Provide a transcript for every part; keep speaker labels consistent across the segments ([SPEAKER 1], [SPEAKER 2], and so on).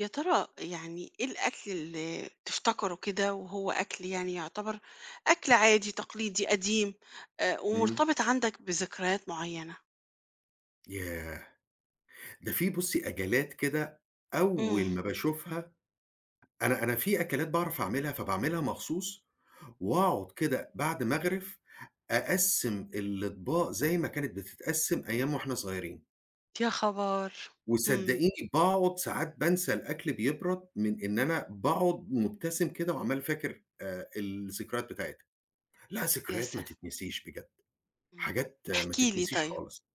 [SPEAKER 1] يا ترى، يعني إيه الأكل اللي تفتكّره كده وهو أكل يعني يُعتبر أكل عادي، تقليدي، قديم آآ
[SPEAKER 2] امم.
[SPEAKER 1] ومرتبط عندك بذكريات معيّنة؟
[SPEAKER 2] ياه! ده في بُصّي أكلات كده
[SPEAKER 1] امم.
[SPEAKER 2] أوّل ما باشوفها أنا أنا في أكلات باعرف أعملها فباعملها مخصوص، واقعد كده بعد ما أغرف، أقسِّم الاطباق زي ما كانت بتتقسم أيام وإحنا صغيّرين.
[SPEAKER 1] يا خَبر! امم.
[SPEAKER 2] وصدقيني باقعد ساعات بانسى الأكل بيبرد من إن أنا باقعد مُبتسم كده وعمّال فاكر آآ الذكريات بتاعتها. لها
[SPEAKER 1] يا
[SPEAKER 2] ذكريات ما
[SPEAKER 1] سل
[SPEAKER 2] تتنسيش بجد،
[SPEAKER 1] امم.
[SPEAKER 2] حاجات ما
[SPEAKER 1] احكِ لي
[SPEAKER 2] تتنسيش
[SPEAKER 1] طيّب.
[SPEAKER 2] خالص.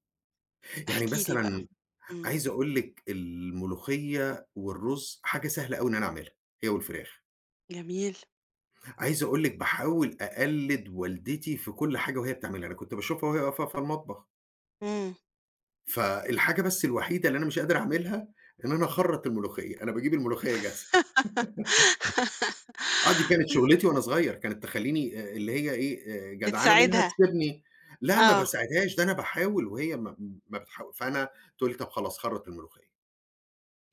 [SPEAKER 2] يعني
[SPEAKER 1] احكِ لي بقى.
[SPEAKER 2] مثلًا،
[SPEAKER 1] امم.
[SPEAKER 2] عايز أقول لِك الملوخية والرز حاجة سهلة أوي إن أنا اعملها هي والفراخ.
[SPEAKER 1] جميل.
[SPEAKER 2] عايز أقول لِك باحاول أقلد والدتي في كل حاجة وهي بتعملها، أنا كنت باشوفها وهي واقفة في المطبخ.
[SPEAKER 1] امم.
[SPEAKER 2] فالحاجة بس الوحيدة اللي أنا مش قادر أعملها إن أنا أخرّط الملوخية، أنا باجيب الملوخية جاهزة. آه، دي كانت شُغّلتي وأنا صغيّر. كانت تخلّيني آآ اللي هي إيه، آآ، جدعنة منها
[SPEAKER 1] بتساعدها.
[SPEAKER 2] تسيبني لأ ما
[SPEAKER 1] آه.
[SPEAKER 2] باساعدهاش ده أنا باحاول وهي ما ما بتحا فأنا تقول لي "طَب خلاص خرّط الملوخية."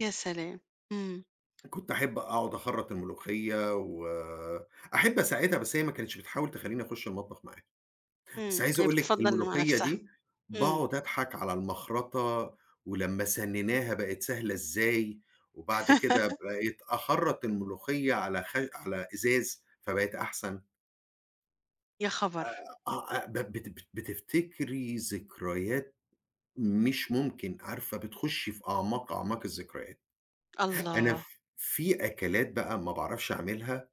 [SPEAKER 1] يا سلام! إمم.
[SPEAKER 2] كنت أحب أقعد أخرّط الملوخية، وأحب أساعدها بس هي ما كانتش بتحاول تخلّيني أخُش المطبخ معاها. بس
[SPEAKER 1] إمم،
[SPEAKER 2] عايز
[SPEAKER 1] هي
[SPEAKER 2] أقول لِك
[SPEAKER 1] بتفضّل ل مع
[SPEAKER 2] الملوخية
[SPEAKER 1] نفسها.
[SPEAKER 2] دي
[SPEAKER 1] إمم.
[SPEAKER 2] باقعد أضحك على المَخَرطَة، ولمّا سنِّنَاها بقت سهلة إزاي، وبعد كده بقيت أخرّط الملوخية على خش على إزاز فبقت أحسن.
[SPEAKER 1] يا خبر!
[SPEAKER 2] آآ آه ب بت بت بتفتكري ذكريات مش ممكن، عارفة بتخُشي في أعماق أعماق الذكريات. أنا
[SPEAKER 1] الله.
[SPEAKER 2] في أكلات بقى ما باعرفش أعملها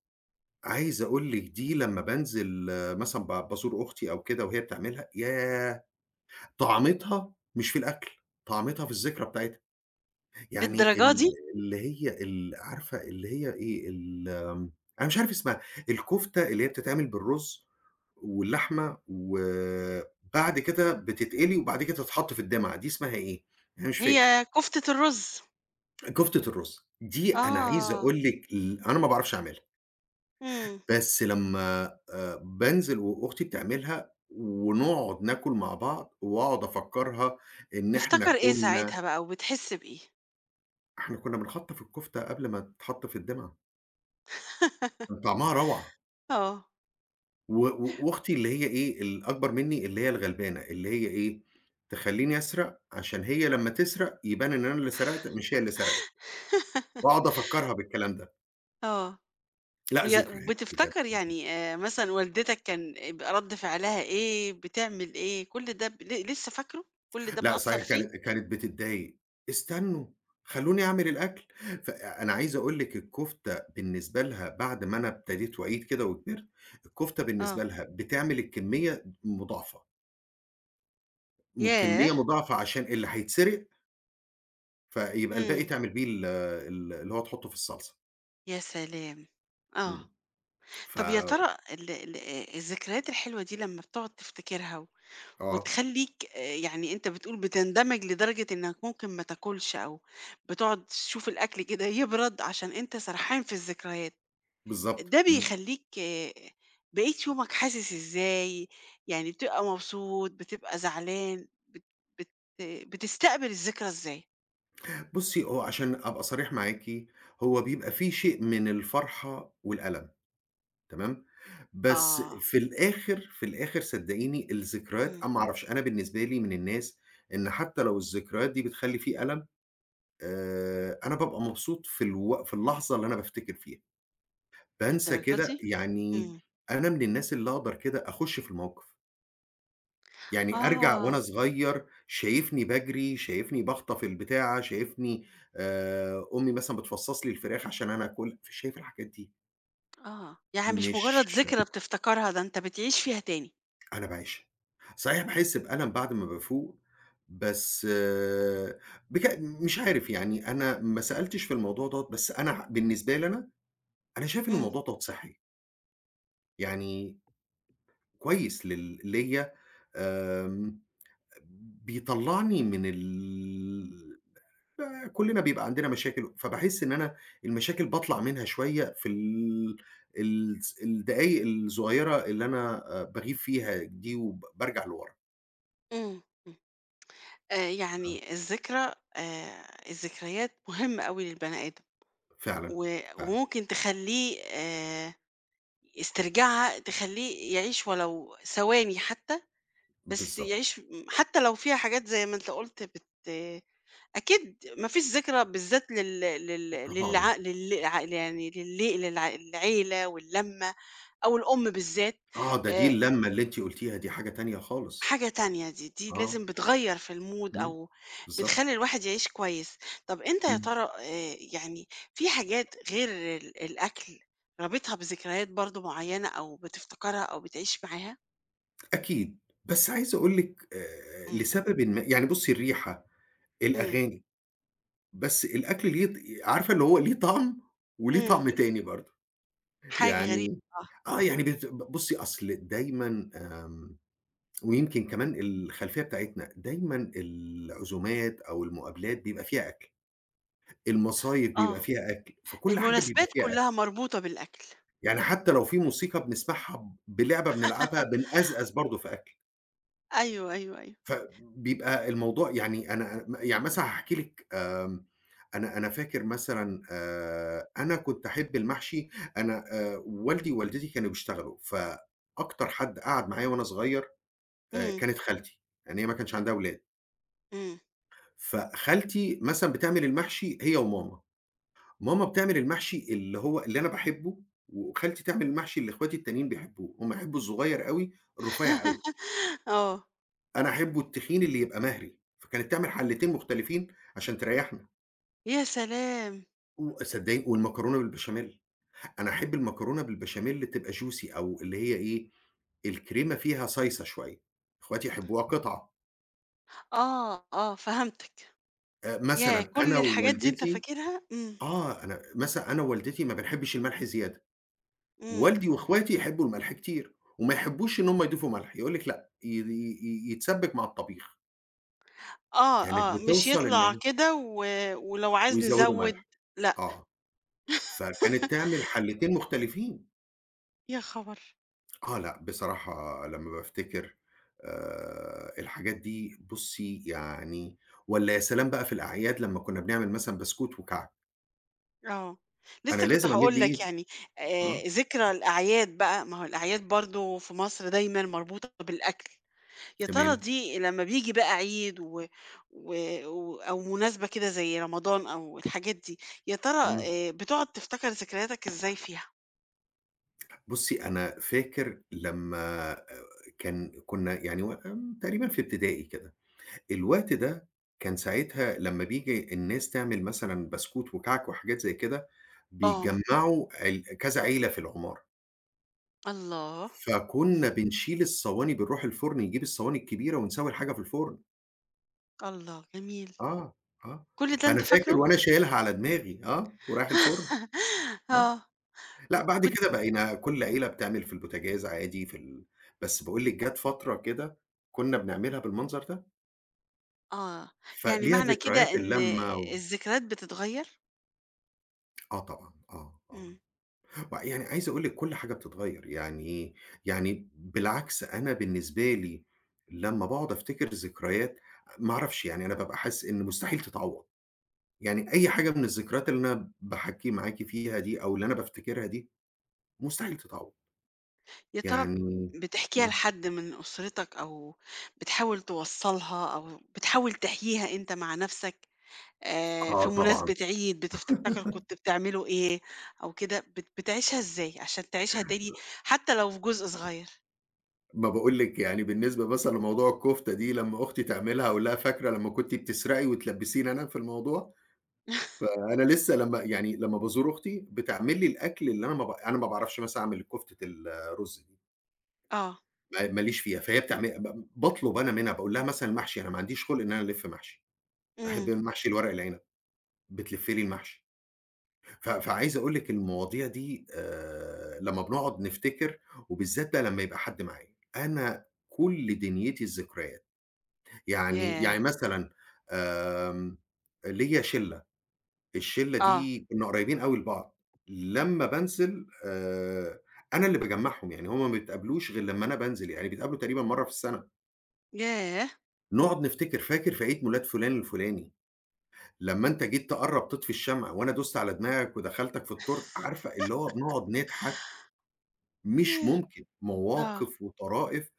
[SPEAKER 2] عايز أقول لِك دي لما بانزل مثلًا ب بازور أختي أو كده وهي بتعملها، ياه! طعامتها مش في الأكل، طعامتها في الذكرى بتاعتها. يعني
[SPEAKER 1] للدرجة
[SPEAKER 2] ال
[SPEAKER 1] دي؟!
[SPEAKER 2] اللي هي ال عارفة اللي هي إيه ال آمم، أنا مش عارف اسمها الكفتة اللي هي بتتعمل بالرز واللحمة وبعد كده بتتقلي وبعد كده تتحط في الدمعة، دي اسمها إيه؟ أنا مش فاكر.
[SPEAKER 1] هي كفتة الرز.
[SPEAKER 2] كفتة الرز، دي أنا عايز
[SPEAKER 1] آه.
[SPEAKER 2] أقول لِك ال أنا ما باعرَفش أعملها.
[SPEAKER 1] إمم.
[SPEAKER 2] بس لمّا آآ بانزِل و وأختي بتعملها، ونقعد ناكل مع بعض وأقعد أفكّرها إن إحنا
[SPEAKER 1] تفتكر إيه
[SPEAKER 2] كُنّا
[SPEAKER 1] ساعتها بقى، وبتحس بإيه؟
[SPEAKER 2] إحنا كنّا بنخَطّف الكفتة قبل ما تتحط في الدِّمعَة. كان طعمها رَوْعة.
[SPEAKER 1] آه.
[SPEAKER 2] و و وأختي اللي هي إيه، الأكبر مني اللي هي الغلبانة، اللي هي إيه. تخلّيني أسرق عشان هي لمّا تسرق يبان إن أنا اللي سرقت، مش هي اللي سرقِت. واقعد أفكّرها بالكلام ده.
[SPEAKER 1] آه.
[SPEAKER 2] لأ
[SPEAKER 1] ويا
[SPEAKER 2] ذكريات بجد.
[SPEAKER 1] بتفتكر يعني آآ، مثلًا والدتك كان بيبقى رد فعلها إيه؟ بتعمل إيه؟ كُلّ ده ب ل لسه فاكرُه، كُلّ ده
[SPEAKER 2] لأ،
[SPEAKER 1] مأثّر
[SPEAKER 2] صحيح
[SPEAKER 1] فيك؟
[SPEAKER 2] كانت كانت بتضايق. "استنّوا خلّوني أعمل الأكل" فأنا عايز أقول لِك الكفتة بالنسبة لها بعد ما أنا ابتديت وعيت كده وكِبرت، الكفتة
[SPEAKER 1] آه.
[SPEAKER 2] بالنسبة لها بتعمل الكمية مُ مضاعفة.
[SPEAKER 1] ياه!
[SPEAKER 2] والكمية مضاعفة عشان اللي هيتسرق فيبقى الباقي
[SPEAKER 1] إمم.
[SPEAKER 2] تعمل بيه ال ال اللي هو تحُطُّه في الصلصة.
[SPEAKER 1] يا سلام! آه.
[SPEAKER 2] إمم ف
[SPEAKER 1] طَب يا ترى ال ال الذكريات الحلوة دي لما بتقعد تفتكرها و
[SPEAKER 2] آه.
[SPEAKER 1] وتخلّيك آآ يعني أنت بتقول بتندمج لدرجة إنك ممكن ما تاكلش أو بتقعد تشوف الأكل كده يبرد، عشان أنت سرحان في الذكريات،
[SPEAKER 2] بالضبط.
[SPEAKER 1] ده
[SPEAKER 2] امم.
[SPEAKER 1] بيخلّيك بقية يومك حاسس إزاي؟ يعني بتبقى مبسوط، بتبقى زعلان، بت بت بتستقبل الذكرى إزاي؟
[SPEAKER 2] بُصّي هو عشان أبقى صريح معاكِ، هو بيبقى في شيء من الفرحة والألم، تمام؟ بس
[SPEAKER 1] آه.
[SPEAKER 2] في الآخر، في الآخر صدقيني الذكريات
[SPEAKER 1] إمم.
[SPEAKER 2] أنا ما أعرفش أنا بالنسبة لي من الناس إن حتى لو الذكريات دي بتخلّي في ألم، آآ، أنا بابقى مبسوط في الوق في اللحظة اللي أنا بافتكر فيها، بانسى
[SPEAKER 1] للدرجة
[SPEAKER 2] كده
[SPEAKER 1] دي؟!
[SPEAKER 2] يعني
[SPEAKER 1] إمم.
[SPEAKER 2] أنا من الناس اللي أقدر كده أخُش في الموقف. يعني أرجع وأنا
[SPEAKER 1] آه.
[SPEAKER 2] صغير شايفني باجري، شايفني باخطف البتاعة، شايفني آآ أمي مثلًا بتفصص لي الفراخ عشان أنا آكل، فشايف الحاجات دي.
[SPEAKER 1] آه، يعني مش مجرّد
[SPEAKER 2] مش
[SPEAKER 1] ذكرى بتفتكرها، ده أنت بتعيش فيها تاني.
[SPEAKER 2] أنا باعيشها. صحيح، باحس بألم بعد ما بافُوق. بس بج مش عارف يعني أنا ما سألتش في الموضوع دوّة بس أنا ح بالنسبة لي أنا، أنا شايف إن
[SPEAKER 1] امم.
[SPEAKER 2] الموضوع دوّة صِحّي. يعني كويس لل ليَّ آمم. بيطلّعني من ال آآ، كلّنا بيبقى عندنا مشاكل، فباحس إن أنا المشاكل باطلّع منها شوية في ال ال س الدقايق الصغيّرة اللي أنا آآ، باغيب فيها دي وب بارجَع لوَرا.
[SPEAKER 1] امم، امم. آآ
[SPEAKER 2] آه.
[SPEAKER 1] يعني الذكرى آآ، الذكريات مُهمّة أوي للبني آدم،
[SPEAKER 2] فعلًا،
[SPEAKER 1] و
[SPEAKER 2] فعلًا.
[SPEAKER 1] وممكن تخلّيه آآ، استرجاعها تخلّيه يعيش ولو ثواني حتى، بس
[SPEAKER 2] بالضبط.
[SPEAKER 1] يعيش م حتى لو فيها حاجات زي ما أنت قُلت بت أكيد ما فيش ذكرى بالذات لل لل
[SPEAKER 2] [unintelligible]
[SPEAKER 1] للع لل ع يعني لل للع للعيلة واللمّة أو الأم بالذات
[SPEAKER 2] آه ده دي
[SPEAKER 1] آآ
[SPEAKER 2] اللمّة اللي أنتِ قُلتيها دي حاجة تانية خالص.
[SPEAKER 1] حاجة تانية دي، دي
[SPEAKER 2] آه.
[SPEAKER 1] لازم بتغيّر في الmood
[SPEAKER 2] إمم.
[SPEAKER 1] أو
[SPEAKER 2] بالضبط.
[SPEAKER 1] بتخلّي الواحد يعيش كويس. طَب أنت يا
[SPEAKER 2] إمم.
[SPEAKER 1] ترى آآ يعني في حاجات غير ال الأكل رابطها بذكريات برضه معيّنة أو بتفتكرها أو بتعيش معاها؟
[SPEAKER 2] أكيد. بس عايز أقول لِك آآ
[SPEAKER 1] إمم.
[SPEAKER 2] لسببٍ ما، يعني بُصّي الريحة،
[SPEAKER 1] إمم.
[SPEAKER 2] الأغاني، بس الأكل ليه ط عارفة اللي هو ليه طَعم، وليه
[SPEAKER 1] إمم.
[SPEAKER 2] طَعم تاني برضه
[SPEAKER 1] حاجة غريبة،
[SPEAKER 2] يعني،
[SPEAKER 1] آه.
[SPEAKER 2] آه يعني بت ب بُصّي، أصل دايمًا آمم ويمكن كمان الخلفيّة بتاعتنا، دايمًا العزومات أو المقابلات بيبقى فيها أكْل، المصايب بيبقى
[SPEAKER 1] آه،
[SPEAKER 2] فيها أكْل، في كل حاجة بيبقى
[SPEAKER 1] المناسبات
[SPEAKER 2] فيها
[SPEAKER 1] كلّها
[SPEAKER 2] أكْل.
[SPEAKER 1] مربوطة بالأكل.
[SPEAKER 2] يعني حتى لو في موسيقى بنسمَعها، ب لعبة بنلعبها، بنأزأز برضه في أكْل.
[SPEAKER 1] أيوه، أيوه، أيوه.
[SPEAKER 2] ف بيبقى الموضوع يعني أنا م يعني مثلًا هاحكي لِك آمم، أنا أنا فاكر مثلًا آآ أنا كنت أحب المحشي، أنا آآ والدي ووالدتي كانوا بيشتغلوا، فأكتر حد قعَد معايا وأنا صغير آآ
[SPEAKER 1] إمم.
[SPEAKER 2] كانت خالتي لأن هي ما كانش عندها ولاد.
[SPEAKER 1] إمم.
[SPEAKER 2] فخالتي مثلًا بتعمل المحشي هي وماما، ماما بتعمل المحشي اللي هو اللي أنا باحبّه وخالتي تعمل المحشي اللي إخواتي التانيين بيحبّوه، هُم بيحبّوا الصغيّر أوي الرفيّع أوي.
[SPEAKER 1] آه.
[SPEAKER 2] أنا أحبّه التخين اللي يبقى مَهْري. فكانت تعمل حَلّتين مُختلفين عشان تريّحنا.
[SPEAKER 1] يا سلام!
[SPEAKER 2] و صدّقيني والمكرونة بالبشاميل. أنا أحب المكرونة بالبشاميل تبقى Juicy أو اللي هي إيه الكريمة فيها صايصة شويّة. إخواتي يحبوها قِطع.
[SPEAKER 1] آه، آه فهمتك.
[SPEAKER 2] آآ
[SPEAKER 1] ياه!
[SPEAKER 2] مثلًا
[SPEAKER 1] كل
[SPEAKER 2] أنا
[SPEAKER 1] الحاجات دي أنت
[SPEAKER 2] ووالدتي
[SPEAKER 1] فاكرها؟ إمم.
[SPEAKER 2] آه أنا مثلًا أنا ووالدتي ما بنحبش الملح زيادة.
[SPEAKER 1] إمم.
[SPEAKER 2] والدي وإخواتي يحبّوا الملح كتير، وما يحبّوش إن هُم يضيفوا ملح، يقول لِك لأ ي ي ي يتسبّك مع الطبيخ.
[SPEAKER 1] آه،
[SPEAKER 2] كانت
[SPEAKER 1] آه. مش
[SPEAKER 2] بتوصّل إن
[SPEAKER 1] يطلع
[SPEAKER 2] هي
[SPEAKER 1] كده و ولو عاز
[SPEAKER 2] ويزودوا
[SPEAKER 1] نزوّد.
[SPEAKER 2] ملح
[SPEAKER 1] لأ.
[SPEAKER 2] آه. فكانت تِعمل حَلّتين مختلفين.
[SPEAKER 1] يا خبر!
[SPEAKER 2] آه لأ بصراحة لمّا بافتكر آآ الحاجات دي بُصّي يعني والّا يا سلام بقى في الأعياد لمّا كُنّا بنعمل مثلًا بسكوت وكعك!
[SPEAKER 1] آه.
[SPEAKER 2] أنا
[SPEAKER 1] لسه كنت
[SPEAKER 2] لازم أمِدّ
[SPEAKER 1] هاقول لك
[SPEAKER 2] إيدي.
[SPEAKER 1] يعني،
[SPEAKER 2] آه.
[SPEAKER 1] آآ ذكرى الأعياد بقى، ما هو الأعياد برضه في مصر دايمًا مربوطة بالأكل. يا ترى
[SPEAKER 2] تمام.
[SPEAKER 1] دي لمّا بييجي بقى عيد و و و أو مناسبة كده زي رمضان أو الحاجات دي يا ترى
[SPEAKER 2] إمم.
[SPEAKER 1] آآ بتقعد تفتكر ذكرياتك إزاي فيها؟
[SPEAKER 2] بُصّي أنا فاكر لمّا آآ كان كنا يعني و تقريبًا في ابتدائي كده، الوقت ده كان ساعتها لمّا بييجي الناس تعمل مثلًا بسكوت وكعك وحاجات زي كده،
[SPEAKER 1] آه.
[SPEAKER 2] بيتجمّعوا ال كذا عيلة في العمارة.
[SPEAKER 1] الله
[SPEAKER 2] فكُنا
[SPEAKER 1] إمم.
[SPEAKER 2] بنشيل الصواني بنروح الفرن نجيب الصواني الكبيرة ونسوي الحاجة في الفرن.
[SPEAKER 1] الله جميل
[SPEAKER 2] آه آه،
[SPEAKER 1] كل ده
[SPEAKER 2] فأنا
[SPEAKER 1] أنت
[SPEAKER 2] فاكر
[SPEAKER 1] فاكره؟
[SPEAKER 2] وأنا شايلها على دماغي آه ورايح الفرن آه،
[SPEAKER 1] آه و
[SPEAKER 2] لأ بعد
[SPEAKER 1] وكنت
[SPEAKER 2] كده بقينا كل عيلة بتعمل في البوتاجاز عادي في ال بس باقول لِك جات فترة كده كنا بنعملها بالمنظر ده.
[SPEAKER 1] آه، يعني
[SPEAKER 2] فليها
[SPEAKER 1] معنى كده
[SPEAKER 2] ذكريات
[SPEAKER 1] إن
[SPEAKER 2] اللّمّة و
[SPEAKER 1] الذكريات بتتغير؟
[SPEAKER 2] آه طبعًا آه آه،
[SPEAKER 1] إمم.
[SPEAKER 2] و يعني عايز أقول لِك كل حاجة بتتغير يعني إيه يعني ب بالعكس أنا بالنسبة لي لمّا باقعد أفتكر الذكريات، ما أعرفش يعني أنا بابقى حاسس إن مستحيل تتعوّض يعني أي حاجة من الذكريات اللي أنا باحكّي معاكِ فيها دي أو اللي أنا بافتكرها دي مستحيل تتعوض.
[SPEAKER 1] يا ترى ب
[SPEAKER 2] يعني
[SPEAKER 1] بتحكيها
[SPEAKER 2] إمم.
[SPEAKER 1] لحد من أسرتك أو بتحاول توصّلها أو بتحاول تحكيها أنت مع نفسك، آآ في
[SPEAKER 2] آه، طبعًا.
[SPEAKER 1] مناسبة عيد بتفتكر كنت بتعملوا إيه أو كده بت بتعيشها إزاي عشان تعيشها تاني، حتى لو في جزء
[SPEAKER 2] م
[SPEAKER 1] صغيّر؟
[SPEAKER 2] ما باقول لِك يعني بالنسبة مثلًا لموضوع الكفتة دي لمّا أختي تعملها أقول لها: "فاكرة لمّا كنتِ بتسرقي وتلبّسيني أنا في الموضوع؟" فأنا لسه لمّا يعني لمّا بازور أختي بتعمل لي الأكل اللي أنا ما ب أنا ما باعرفش مثلًا أعمل كفتة ال الرز دي.
[SPEAKER 1] آه.
[SPEAKER 2] ما ما ليش فيها فهي بتعمل ب باطلب أنا منها باقول لها مثلًا محشي، أنا ما عنديش خُلْق إن أنا ألف محشي. أحب
[SPEAKER 1] امم.
[SPEAKER 2] المحشي الورق العنب، بتلف لي المحشي. ف فعايز أقول لِك المواضيع دي آآ لمّا بنقعد نفتكر وبالذات بقى لمّا يبقى حد معايا. أنا كل دنيتي الذكريات، يعني
[SPEAKER 1] ياه!
[SPEAKER 2] يعني مثلًا آمم ليّا شِلّة، الشلّة
[SPEAKER 1] آه.
[SPEAKER 2] دي كنا قريبين أوي لبعض. لمّا بانزل آآ، أنا اللي باجمعهُم يعني هُم ما يتقابلوش غير لمّا أنا بانزل، يعني بيتقابلوا تقريبًا مرّة في السّنة.
[SPEAKER 1] ياه!
[SPEAKER 2] نُقعد نفتكر، "فاكر في عيد ميلاد فلان الفلاني، لمّا أنت جيت تقرّب تطفي الشمع وأنا دُست على دماغك ودخلتَك في التورتة؟" عارفة اللي هو بنقعد نضحك. مش
[SPEAKER 1] ياه!
[SPEAKER 2] ممكن،
[SPEAKER 1] آه.
[SPEAKER 2] مواقف وطرائف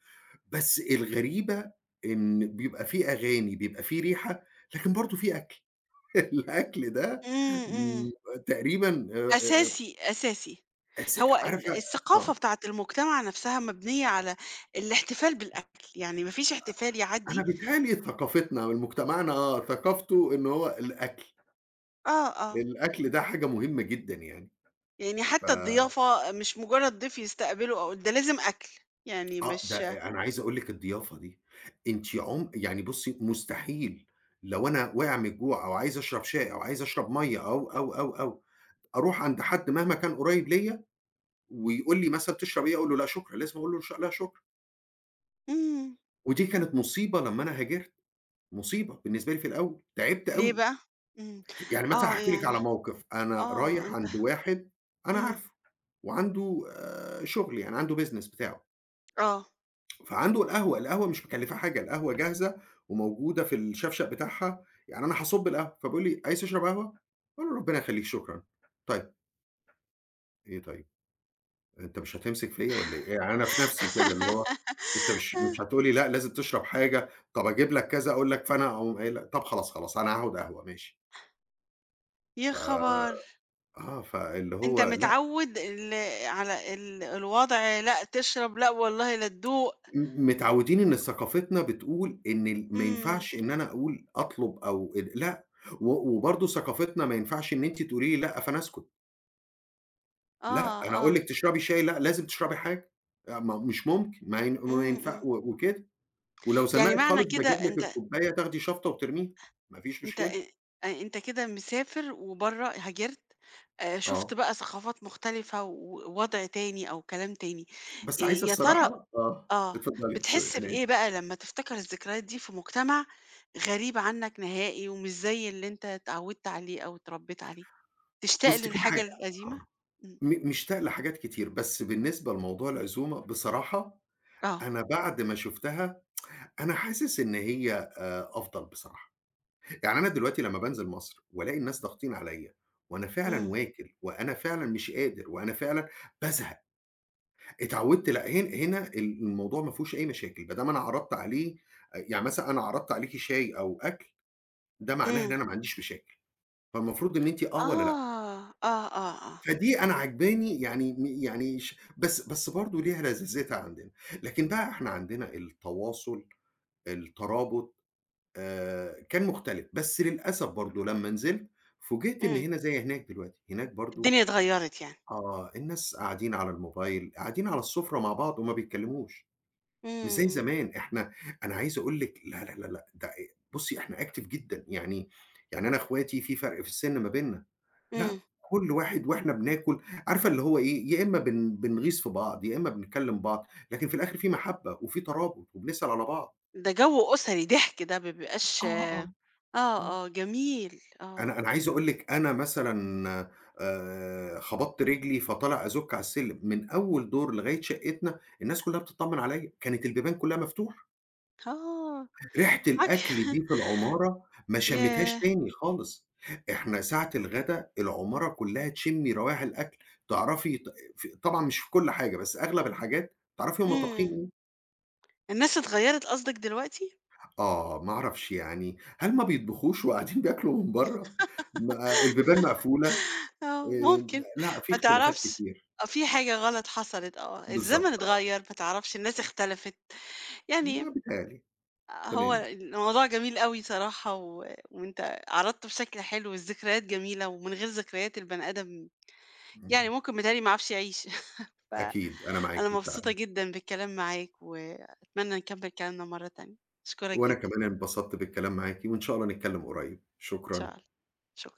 [SPEAKER 2] بس الغريبة إن بيبقى في أغاني، بيبقى في ريحة، لكن برضه في أكل. الأكل ده،
[SPEAKER 1] إمم، إمم.
[SPEAKER 2] امم، تقريبًا آآ، آآ
[SPEAKER 1] أساسي، أساسي.
[SPEAKER 2] اس
[SPEAKER 1] هو ال
[SPEAKER 2] عارفة
[SPEAKER 1] الثقافة
[SPEAKER 2] آه.
[SPEAKER 1] بتاعة المُجتمع نفسها مبنية على الاحتفال بالأكل، يعني ما فيش احتفال
[SPEAKER 2] أنا
[SPEAKER 1] يعدّي
[SPEAKER 2] بيتهيأ لي ثقافتنا ولمجتمعنا آه، ثقافته إن هو الأكل.
[SPEAKER 1] آه، آه.
[SPEAKER 2] الأكل ده حاجة مُهمة جدًا يعني.
[SPEAKER 1] يعني
[SPEAKER 2] ف
[SPEAKER 1] حتى الضيافة مش مجرّد ضيف يستقبله أو ده لازم أكل، يعني
[SPEAKER 2] آه، ده
[SPEAKER 1] مش
[SPEAKER 2] أ أنا عايز أقول لِك الضيافه دي، أنتِ عم يعني بُصّي مستحيل، لو أنا واقع من الجوع أو عايز أشرب شاي أو عايز أشرب مَيّة أو، أو، أو، أو أروح عند حد مهما كان قريب ليّا، ويقول لي مثلًا: "تَشرب إيه؟" أقول له: "لأ، شكرًا." لازم أقول له: "لا شكرًا."
[SPEAKER 1] إمم.
[SPEAKER 2] ودي كانت مُصيبة لمّا أنا هاجرت. مُصيبة بالنسبة لي في الأوّل، تعبت
[SPEAKER 1] ليه
[SPEAKER 2] أوي.
[SPEAKER 1] بقى؟ امم،
[SPEAKER 2] يعني مثلًا
[SPEAKER 1] آه
[SPEAKER 2] هاحكي لِك
[SPEAKER 1] يعني
[SPEAKER 2] على موقف، أنا
[SPEAKER 1] آه،
[SPEAKER 2] رايح
[SPEAKER 1] أنت
[SPEAKER 2] عند واحد أنا
[SPEAKER 1] امم.
[SPEAKER 2] عارفه، وعنده شغل يعني عنده business بتاعه.
[SPEAKER 1] آه.
[SPEAKER 2] فعنده القهوة، القهوة مش مكلّفاه حاجة. القهوة جاهزة وموجودة في الشفشق بتاعها، يعني أنا هاصُب القهوة فبيقول لي: "عايز تشرب قهوة؟" أقول له: "ربنا يخلّيك، شكرًا." "طيب." إيه طيب؟! أنت مش هتمسِك فيَّ والّا إيه؟ يعني أنا في نِفسي كده، اللي هو أنت مش مش هتقول لي لأ، لازم تشرَب حاجة، طََب أجيب لك كذا أقول لك فأنا أقوم قايل لك طََب خلاص، خلاص أنا هاخُد قهوة ماشي.
[SPEAKER 1] يا
[SPEAKER 2] آآ،
[SPEAKER 1] خبر!
[SPEAKER 2] آه، فاللي
[SPEAKER 1] أنت
[SPEAKER 2] هو لأ.
[SPEAKER 1] متعوّد ال على ال الوضع لأ تشرب، لأ والله لتدوق.
[SPEAKER 2] م متعوّدين إن ثقافتنا بتقول إن ال ما
[SPEAKER 1] إمم.
[SPEAKER 2] ينفَعش إن أنا أقول أطلُب أو ال لأ و وبرضه ثقافتنا ما ينفَعش إن أنتِ تقولي لي لأ فأنا أسكُت. لأ،
[SPEAKER 1] آه،
[SPEAKER 2] أنا أقول
[SPEAKER 1] آه.
[SPEAKER 2] لِك تشرَبي شاي، لأ، لازم تشرَبي حاجة، أ ما مش ممكن ما ين ما
[SPEAKER 1] إمم،
[SPEAKER 2] ينفع
[SPEAKER 1] إمم.
[SPEAKER 2] و وكده، ولو
[SPEAKER 1] يعني
[SPEAKER 2] زنّقِت
[SPEAKER 1] معنى
[SPEAKER 2] خالص
[SPEAKER 1] كده
[SPEAKER 2] باجيب لِك
[SPEAKER 1] أنت
[SPEAKER 2] الكوباية تاخدي شفطه وترميها ما فيش
[SPEAKER 1] أنت،
[SPEAKER 2] مشكلة.
[SPEAKER 1] أ أنت كده مسافر وبرّه هاجرت آآ شُفت
[SPEAKER 2] آه.
[SPEAKER 1] بقى ثقافات مختلِفة ووضع تاني أو كلام تاني. آآ
[SPEAKER 2] بس عايزة
[SPEAKER 1] يا ترى،
[SPEAKER 2] الصراحة؟ آه
[SPEAKER 1] آه،
[SPEAKER 2] اتفضلي،
[SPEAKER 1] بتحس
[SPEAKER 2] sorry أنا أسف.
[SPEAKER 1] بإيه بقى لمّا تفتكر الذكريات دي في مجتمَع غريب عنك نهائي ومش زي اللي أنت اتعوّدت عليه أو اتربّيت عليه؟ تشتاق
[SPEAKER 2] بُصّي، في
[SPEAKER 1] للحاجة
[SPEAKER 2] حاجة
[SPEAKER 1] القديمة؟
[SPEAKER 2] آه
[SPEAKER 1] إمم.
[SPEAKER 2] م مشتاق لحاجات كتير، بس بالنسبة لموضوع العزومة بصراحة
[SPEAKER 1] آه.
[SPEAKER 2] أنا بعد ما شُفتها أنا حاسس إن هي آآ أفضَل بصراحة، يعني أنا دلوقتي لمّا بانزِل مصر والاقي الناس ضاغطين عليَّ وأنا فعلًا
[SPEAKER 1] إمم.
[SPEAKER 2] واكِل وأنا فعلًا مش قادر وأنا فعلًا بازهَق، اتعوّدت لأ، هن هنا ال الموضوع ما فيهوش أي مشاكل، بدام ما أنا عرَضت عليه، يعني مثلًا أنا عرَضت عليكِ شاي أو أكْل ده معناه إن
[SPEAKER 1] إمم.
[SPEAKER 2] أنا ما عنديش مشاكل، فالمفروض إن أنتِ آه والّا لأ؟
[SPEAKER 1] آه، آه، آه، آه.
[SPEAKER 2] فدي أنا عاجباني، يعني م يعني ش بس بس برضه ليها لذاذتها عندنا، لكن بقى إحنا عندنا التواصُل، الترابُط آآ كان مختلِف بس للأسف برضه لمّا نزِلت فوجئت إن
[SPEAKER 1] إمم.
[SPEAKER 2] هنا زي هناك دلوقتي، هناك برضه،
[SPEAKER 1] الدنيا اتغيّرِت يعني.
[SPEAKER 2] آه الناس قاعدين على الموبايل، قاعدين على السُّفرة مع بعض وما بيتكلّموش مش زي
[SPEAKER 1] إمم.
[SPEAKER 2] زمان إحنا، أنا عايز أقول لِك لا، لا، لا، لا ده أ بُصّي إحنا active جدًا يعني، يعني أنا إخواتي في فرْق في السِّن ما بيننا،
[SPEAKER 1] إمم.
[SPEAKER 2] لأ كل واحد وإحنا بناكل، عارفة اللي هو إيه، يا إمّا بن بنغيظ في بعض يا إمّا بنتكلّم بعض، لكن في الآخِر في مَحبّة وفي ترابُط وبنسأل على بعض.
[SPEAKER 1] ده جو أُسري ضِحك ده، ما بيبقاش،
[SPEAKER 2] آه، آه،
[SPEAKER 1] آه،
[SPEAKER 2] آه.
[SPEAKER 1] آه جميل، آه.
[SPEAKER 2] أنا أنا عايز أقول لِك أنا مثلًا آآ خبطت رجلي فطالع أزُوك على السلّم من أول دور لغاية شقّتنا الناس كلّها بتتطمن عليَّ، كانت البيبان كلّها مفتوحة.
[SPEAKER 1] آه
[SPEAKER 2] ريحة
[SPEAKER 1] عك
[SPEAKER 2] الأكل دي في العمارة ما شمّيتهاش
[SPEAKER 1] ياه!
[SPEAKER 2] تاني خالص، إحنا ساعة الغدا العمارة كلّها تشمّي روايح الأكل، تعرَفي ط ف طبعًا مش في كل حاجة بس أغلب الحاجات تعرَفي هُم طابخين
[SPEAKER 1] إمم.
[SPEAKER 2] إيه.
[SPEAKER 1] الناس اتغيّرت قصدك دلوقتي؟
[SPEAKER 2] آه، ما أعرَفش يعني هل ما بيطبخُوش وقاعدين بياكلوا من برّا؟ ما البيبان مقفولة
[SPEAKER 1] آه
[SPEAKER 2] آآ
[SPEAKER 1] ممكن،
[SPEAKER 2] لأ في
[SPEAKER 1] ما
[SPEAKER 2] اختلافات
[SPEAKER 1] تعرَفش،
[SPEAKER 2] كتير.
[SPEAKER 1] في حاجة غلط حصلِت، آه، الزمن
[SPEAKER 2] بالضبط، آه.
[SPEAKER 1] إتغيّر، ما تعرَفش الناس اختلفِت، يعني
[SPEAKER 2] ما بيتهيّأ لي،
[SPEAKER 1] آآ هو
[SPEAKER 2] تمام.
[SPEAKER 1] الموضوع جميل أوي صراحة و وأنت عرَضتُه بشكل حلو، الذكريات جميلة ومن غير ذكريات البني آدم يعني
[SPEAKER 2] اهم.
[SPEAKER 1] ممكن بيتهيّأ لي ما يعرَفش يعيش ف
[SPEAKER 2] أكيد، أنا
[SPEAKER 1] أنا
[SPEAKER 2] معاكِ
[SPEAKER 1] مبسوطة
[SPEAKER 2] فعلًا.
[SPEAKER 1] جدًا بالكلام معاك وأتمنى نكمّل كلامنا مرّة تانية، أشكرَك
[SPEAKER 2] وأنا
[SPEAKER 1] جدًا.
[SPEAKER 2] كمان انبسطت بالكلام معاكِ وإن شاء الله نتكلّم قريّب،
[SPEAKER 1] إن شاء
[SPEAKER 2] شكرًا.
[SPEAKER 1] الله، شكرًا.